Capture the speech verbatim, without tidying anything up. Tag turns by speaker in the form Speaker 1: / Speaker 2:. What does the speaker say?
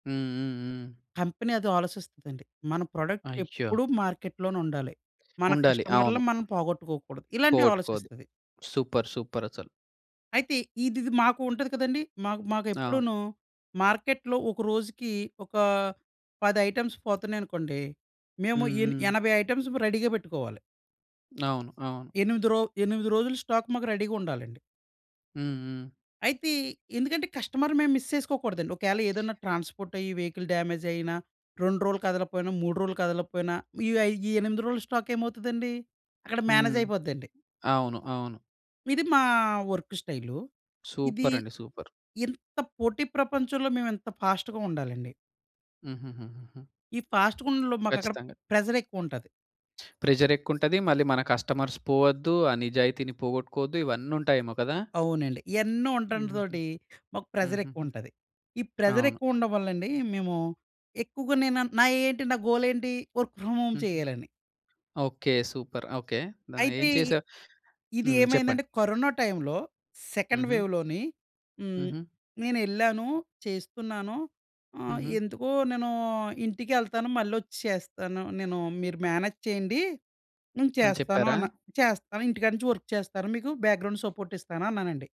Speaker 1: హ్మ్, హ్మ్, హ్మ్.
Speaker 2: కంపెనీ అది ఆలోసిస్తదండి. మన ప్రోడక్ట్
Speaker 1: అయ్యో!
Speaker 2: ఎప్పుడూ మార్కెట్‌లోనుండాలి. మన
Speaker 1: ఉండాలి.
Speaker 2: కస్టమర్‌లు
Speaker 1: అవును.
Speaker 2: మనల్ని పోగొట్టుకోకూడదు. ఇలాంటివి
Speaker 1: పోగొట్టుకోవద్దు.
Speaker 2: ఆలో‌సిస్తది.
Speaker 1: సూపర్ సూపరసలు.
Speaker 2: అయితే ఈదిది మాకుంటది కదండీ. మాకు
Speaker 1: ఆ!
Speaker 2: మాకెప్పుడునూ మార్కెట్‌లో ఒక రోజుకి ఒక పది ఐటెమ్స్ పోతున్నాయనుకోండి, మేము
Speaker 1: హ్మ్,
Speaker 2: ఎన్
Speaker 1: హ్మ్.
Speaker 2: ఎనభై ఐటెమ్స్ రెడీగా బెట్టుకోవాలి.
Speaker 1: అవును, అవును.
Speaker 2: ఎనిమిది రో ఎనిమిది రోజులు స్టాక్ మాకు రెడీగుండాలండి.
Speaker 1: హ్మ్, హ్మ్.
Speaker 2: అయితే ఎందుకంటే కస్టమర్‌ని మేము మిస్ చేసుకోకూడదండి. ఒకేల ఏదన్నా ట్రాన్స్‌పోర్టయ్యి వెహికల్ డ్యామేజయినా రెండు రోజులు కదలకపోయినా, మూడు రోజులు కదలకపోయినా ఈ వ ఈ ఎనిమిది రోజుల స్టాకేమవుతదండి అక్కడ
Speaker 1: హ్మ్.
Speaker 2: మేనేజయిపోద్దండి.
Speaker 1: అవును, అవును.
Speaker 2: ఇది మా వర్కు స్టైలు. ఇది
Speaker 1: సూపరండి. సూపర్.
Speaker 2: ఇంత పోటీ ప్రపంచంలో మేమెంత ఫాస్ట్‌గా ఉండాలండి.
Speaker 1: హుహుహు.
Speaker 2: ఈ ఫాస్ట్‌గుండడంలో మాకక్కడ
Speaker 1: ఖచ్చితంగా.
Speaker 2: ప్రెషరెక్కువుంటది.
Speaker 1: ప్రెషరెక్కువుంటది. మళ్ళీ మన కస్టమర్స్ పోవద్దు. ఆ నిజాయితీని పోగొట్టుకోవద్దు. ఇవన్నుంటాయేమో కదా!
Speaker 2: అవునండి. ఎన్నో ఉంటం
Speaker 1: హుహుహు.
Speaker 2: తోటి మాకు
Speaker 1: హుహుహు.
Speaker 2: ప్రెషరెక్కువుంటది. ఈ
Speaker 1: అవును.
Speaker 2: ప్రెషరెక్కువ ఉండడం వల్లండి మేము ఎక్కువగా నేను న నా ఏంటి నా గోలేంటి వర్క్ ఫ్రమ్ హోమ్
Speaker 1: హుహు.
Speaker 2: చెయ్యాలని.
Speaker 1: ఓకే. సూపర్. ఓకే.
Speaker 2: అయితే
Speaker 1: దాన్నేం
Speaker 2: ఇ
Speaker 1: చేసావ్?
Speaker 2: ఇది
Speaker 1: హ్మ్. చెప్పండి.
Speaker 2: ఏమైందంటే కరోనా టైంలో సెకండ్
Speaker 1: హుహు.
Speaker 2: వేవ్‌లోని మ్
Speaker 1: హుహు.
Speaker 2: నేనెళ్లాను, చేస్తున్నాను. ఆహ్,
Speaker 1: హుహు.
Speaker 2: ఎందుకో "నేను ఇంటికెళ్తాను మళ్ళొచ్చి చేస్తాను. నేను మీరు మేనేజ్ చేయండి నేను
Speaker 1: అని
Speaker 2: చేస్తాను"
Speaker 1: చెప్పారా?
Speaker 2: అన్నా. "చేస్తాను ఇంటికాడ నుంచి వర్క్ చేస్తాను మీకు బ్యాక్‌గ్రౌండ్ సపోర్ట్ ఇస్తాను" అన్నానండి.